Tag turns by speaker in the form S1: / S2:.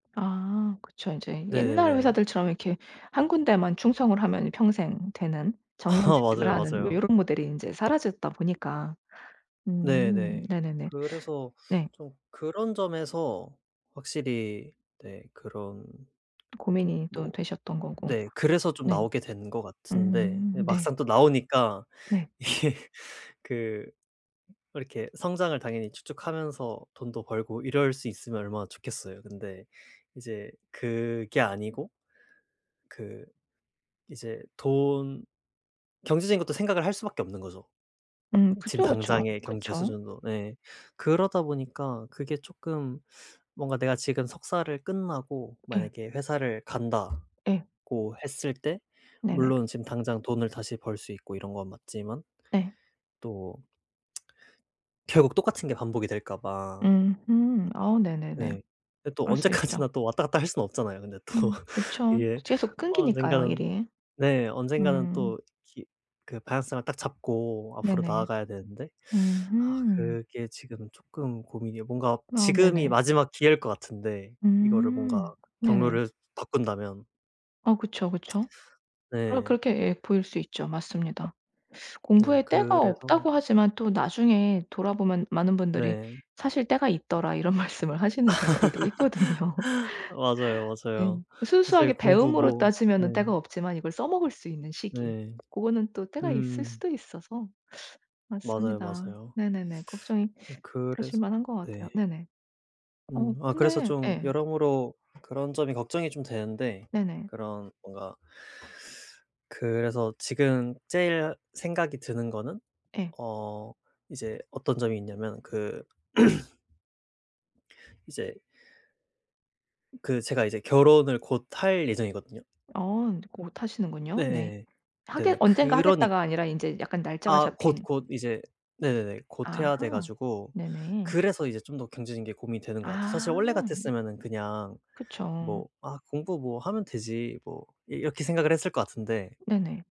S1: 아 그쵸. 이제 옛날
S2: 네네네.
S1: 회사들처럼 이렇게 1 군데에만 충성을 하면 평생 되는
S2: 아
S1: 정년퇴직을
S2: 맞아요,
S1: 하는 뭐
S2: 맞아요.
S1: 요런 모델이 인제 사라졌다 보니까. 음
S2: 네네.
S1: 네네네.
S2: 그래서
S1: 네.
S2: 좀 그런 점에서 확실히 네 그런
S1: 고민이 또
S2: 뭐
S1: 되셨던 거고.
S2: 네. 그래서 좀
S1: 네.
S2: 나오게 된 것 같은데 이제
S1: 음 네.
S2: 막상 또 나오니까
S1: 네.
S2: 이게 그 이렇게 성장을 당연히 쭉쭉하면서 돈도 벌고 이럴 수 있으면 얼마나 좋겠어요. 근데 이제 그게 아니고 그 이제 돈 경제적인 것도 생각을 할 수밖에 없는 거죠.
S1: 음.
S2: 지금
S1: 그쵸, 그쵸.
S2: 당장의 경제
S1: 그쵸.
S2: 수준도 네. 그러다 보니까 그게 쪼끔 뭔가 내가 지금 석사를 끝나고
S1: 예.
S2: 만약에 회사를 간다고
S1: 예.
S2: 했을 때
S1: 네네.
S2: 물론 지금 당장 돈을 다시 벌 수 있고 이런 건 맞지만
S1: 네.
S2: 또 결국 똑같은 게 반복이 될까 봐.
S1: 음음. 아 네네네.
S2: 네. 근데 또
S1: 그럴 수 있죠.
S2: 언제까지나 또 왔다 갔다 할 수는 없잖아요. 근데 또
S1: 음 그쵸.
S2: 이게
S1: 계속 끊기니까요
S2: 언젠가는
S1: 일이.
S2: 네. 언젠가는
S1: 음.
S2: 또 기 그 방향성을 딱 잡고 앞으로
S1: 네네.
S2: 나아가야 되는데 아
S1: 음음.
S2: 그게 지금 쪼끔 고민이에요. 뭔가
S1: 아
S2: 지금이
S1: 네네.
S2: 마지막 기회일 것 같은데 이거를 뭔가
S1: 음. 네네.
S2: 경로를 바꾼다면.
S1: 어 그쵸, 그쵸. 그렇
S2: 네.
S1: 그렇게 예 보일 수 있죠. 맞습니다.
S2: 네.
S1: 공부에 때가
S2: 그래서
S1: 없다고 하지만 또 나중에 돌아보면 많은 분들이
S2: 네.
S1: "사실 때가 있더라." 이런 말씀을 하시는 경우들도 있거든요.
S2: 맞아요,
S1: 네.
S2: 맞아요.
S1: 순수하게
S2: 사실 공부
S1: 배움으로
S2: 뭐
S1: 따지면은
S2: 네.
S1: 때가 없지만 이걸 써먹을 수 있는 시기
S2: 네.
S1: 고거는 또 때가 있을
S2: 음.
S1: 수도 있어서
S2: 맞아요,
S1: 맞습니다.
S2: 맞아요.
S1: 네네네. 걱정이 되실
S2: 그래서
S1: 만한 것
S2: 네.
S1: 같아요. 네네. 어
S2: 음. 아 그래서
S1: 근데
S2: 좀
S1: 예.
S2: 여러모로 그런 점이 걱정이 좀 되는데
S1: 네네.
S2: 그런 뭔가 그래서 지금 제일 생각이 드는 거는
S1: 예.
S2: 어 이제 어떤 점이 있냐면 그 이제 그 제가 이제 결혼을 곧 할 예정이거든요.
S1: 아 곧 하시는군요. 네.
S2: 네.
S1: 하겠
S2: 네네.
S1: 언젠가
S2: 그러니
S1: 하겠다가 아니라 인제 약간 날짜가
S2: 아 곧,
S1: 잡힌.
S2: 곧 이제 네네네. 곧 해야 돼
S1: 아하.
S2: 가지고
S1: 네네.
S2: 그래서 이제 좀 더 경제적인 게 고민이 되는 것 같아요. 사실
S1: 아.
S2: 원래 같았으면은 그냥
S1: 그쵸.
S2: 뭐 '아 공부 뭐 하면 되지.' 뭐 이 이렇게 생각을 했을 것 같은데
S1: 네네.